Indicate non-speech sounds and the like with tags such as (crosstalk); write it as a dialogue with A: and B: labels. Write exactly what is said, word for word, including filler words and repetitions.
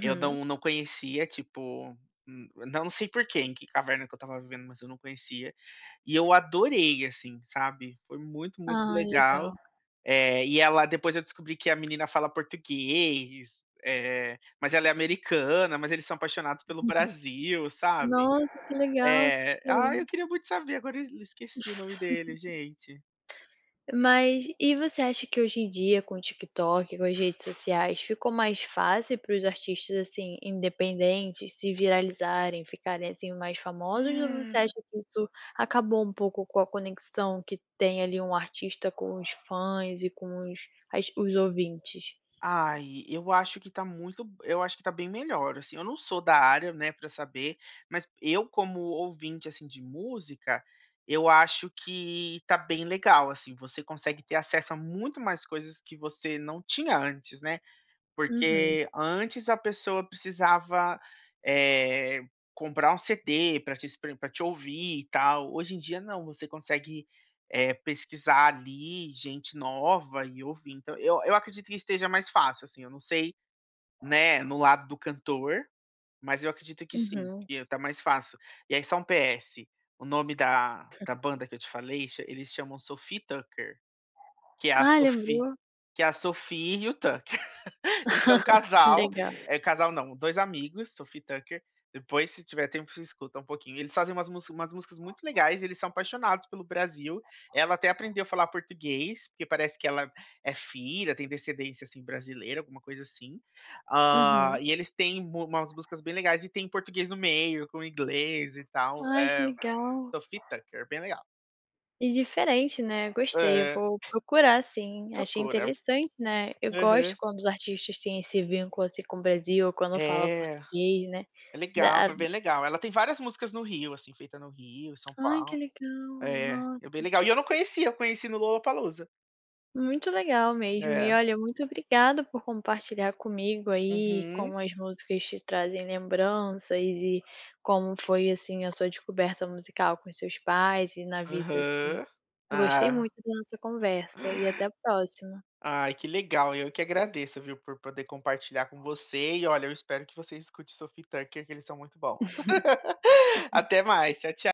A: Eu não não conhecia, tipo, n não sei por que, em que caverna que eu estava vivendo, mas eu não conhecia, e eu adorei, assim, sabe. Foi muito, muito
B: Ah,
A: legal,
B: legal.
A: eh, e ela depois eu descobri que a menina fala português, eh, mas ela é americana, mas eles são apaixonados pelo
B: (unintelligible)
A: Brasil, sabe.
B: Nossa, que legal,
A: É.
B: tipo
A: Ai, eu queria muito saber, agora ez esqueci o nome deles,
B: (laughs)
A: gente.
B: Mas e você acha que hoje em dia com o TikTok, com as redes sociais, ficou mais fácil para os artistas, assim, independentes se viralizarem, ficarem, assim, mais famosos? Ou você
A: Hum.
B: acha que isso acabou um pouco com a conexão que tem ali um artista com os fãs e com os as os ouvintes?
A: Ai, eu acho que tá muito eu acho que tá bem melhor, assim. Eu não sou da área, né, pra saber, mas eu como ouvinte, assim, de música eu acho que tá bem legal, assim, você consegue ter acesso a muito mais coisas que você não tinha antes, né.
B: Uhum.
A: Porque antes a pessoa precisava, eh, comprar um CD pra te espr pra te ouvir e tal, hoje em dia não, você consegue, eh, pesquisar ali gente nova e ouvir, então eu eu acredito que esteja mais fácil, assim, eu não sei, né, no lado do cantor, mas eu acredito que sim,
B: Uhum.
A: que tá mais fácil. E aí só um PS, o nome da da banda que eu te falei cha eles chamam Sophie e Tucker, que é a
B: Ah,
A: Sophie
B: lembrou.
A: que é a Sophie e o Tucker. (laughs) Eles são um um
B: (laughs)
A: casal,
B: Legal.
A: eh, casal não, dois amigos, Sophie e Tucker. Depois se tiver tempo você escuta um pouquinho, eles fazem umas mus umas músicas muito legais e eles são apaixonados pelo Brasil. Ela até aprendeu a falar português, porque parece que ela é filha, tem descendência, assim, brasileira, alguma coisa assim. Ah,
B: Uhum.
A: e eles têm m umas músicas bem legais e tem português no meio, com inglês e tal.
B: Ai, que
A: É
B: legal.
A: Sophie e Tucker, é bem legal.
B: E diferente né, gostei. Eu
A: É.
B: vou procurar sim, achei
A: Procura.
B: interessante, né. Eu gosto
A: Aham.
B: quando os artistas têm esse vínculo, assim, com o Brasil, quando fala
A: É,
B: português, né,
A: é legal,
B: da
A: foi bem legal. Ela tem várias músicas no Rio, assim, feita no Rio, em São
B: Ai que
A: Paulo.
B: legal,
A: É, é bem
B: nossa.
A: legal e eu não conhecia, eu conheci no Lollapalooza.
B: Muito legal mesmo e
A: É.
B: olha, muito obrigada por compartilhar comigo aí
A: Uhum.
B: como as músicas te trazem lembranças e como foi, assim, a sua descoberta musical com os seus pais e na vida, assim.
A: Aham.
B: Eu gostei
A: Ah.
B: muito da nossa conversa e até a próxima.
A: Ai, que legal, eu que agradeço, viu, por poder compartilhar com você e olha, eu espero que você escute Sophie e Tucker que eles são muito bons. (laughs)
B: (chuckles)
A: Até mais, tchau, tcha